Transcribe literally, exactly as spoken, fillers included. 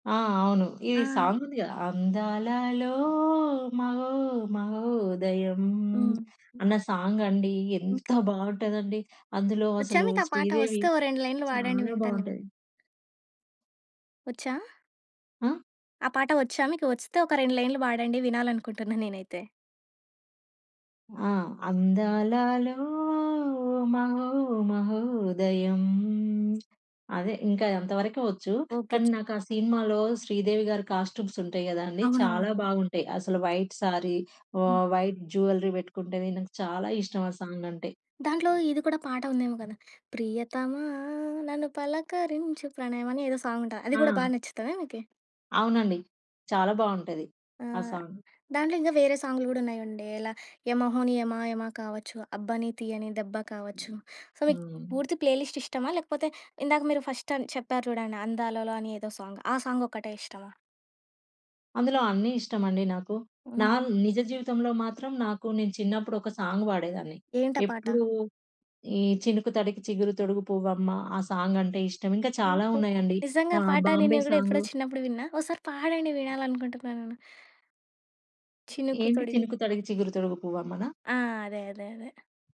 ఆ! అవును. ఈ ఆ! సాంగ్ ఉంది కదా! అందాలలో మహో మహోదయం హ్మ్. అన్న సాంగ్ అండి. ఎంత బావుంటదండి. అందులో వొచ్చా అసలు మీకు ఆ పాట? 'శ్రీదేవి' వొస్తే ఓ రెండు లైన్‌లు వాడండి చాలా వింటా నేను. బావుంటది. వొచ్చా? ఆ? ఆ పాట వొచ్చా మీకు? వొస్తే ఒక రెండు లైన్‌లు పాడండి? వినాలనుకుంటున్నా నేనైతే. ఆ! అందాలలో మహో మహోదయం అదే. ఇంకా అంతవరకే వొచ్చు. ఓకే కానీ చే నాకు ఆ సిన్మాలో 'శ్రీదేవిగారి' కాస్ట్యూమ్స్ ఉంటాయి కదండీ! చాలా అవునవునవును. బావుంటాయి. అసలు వైట్ సారీ వొ హ్మ్. వైట్ జ్యువెల్లరీ పెట్టుకుంటే, నాకు చాలా ఇష్టం ఆ సాంగ్ అంటే. దాంట్లో ఇది కూడా పాట ఉందేమో కదా! ప్రియతమా నన్ను పలకరించు ప్రణయం అని ఏదో సాంగ్ ఉంటది. అది కూడా బాగా ఆ! నచ్చుతాదా మీకి? అవునండి. చాలా బావుంటది. ఆ ఆహ్, సాంగ్. దాంట్లో ఇంకా వేరే సాంగ్‌లు కూడా ఉన్నాయండి. ఇలా 'యమహోని యమా యమ' కావొచ్చు, 'అబ్బని తియని దెబ్బ' కావొచ్చు. సో, మీకు హ్మ్. పూర్తి ప్లే లిస్ట్ ఇష్టమా? లేకపోతే ఇందాక మీరు ఫస్ట్ అన్ చెప్పారు చూడండి, 'అందాలలో' అని ఏదో సాంగ్, ఆ సాంగ్ ఒక్కటే ఇష్టమా? అందులో అన్నీ ఇష్టమండి నాకు. నా హుహు. నిజ జీవితంలో మాత్రం, నాకు నేను చిన్నప్పుడు ఒక సాంగ్ వాడేదాన్ని ఏంటి ఆ పాట? ఎప్పుడు ఈ 'చినుకు తడికి చిగురు తొడుగు పువ్వు అమ్మ' ఆ సాంగ్ అంటే ఇష్టం. ఇంకా చాలా ఓహో! ఉన్నాయండి. నిజంగా ఆ ఆ పాట 'బాంబే' నేను కూడా ఎప్పుడో సాంగు. చిన్నప్పుడు విన్నా. ఒసారి పాడండి వినాలి అనుకుంటున్నా నేను. 'చినుకు ఏంటి! తొడిగి'. 'చినుకు తడిగి చిగురు తొడుగు పువ్వు అమ్మనా'? ఆ! అదే. అదే. అదే.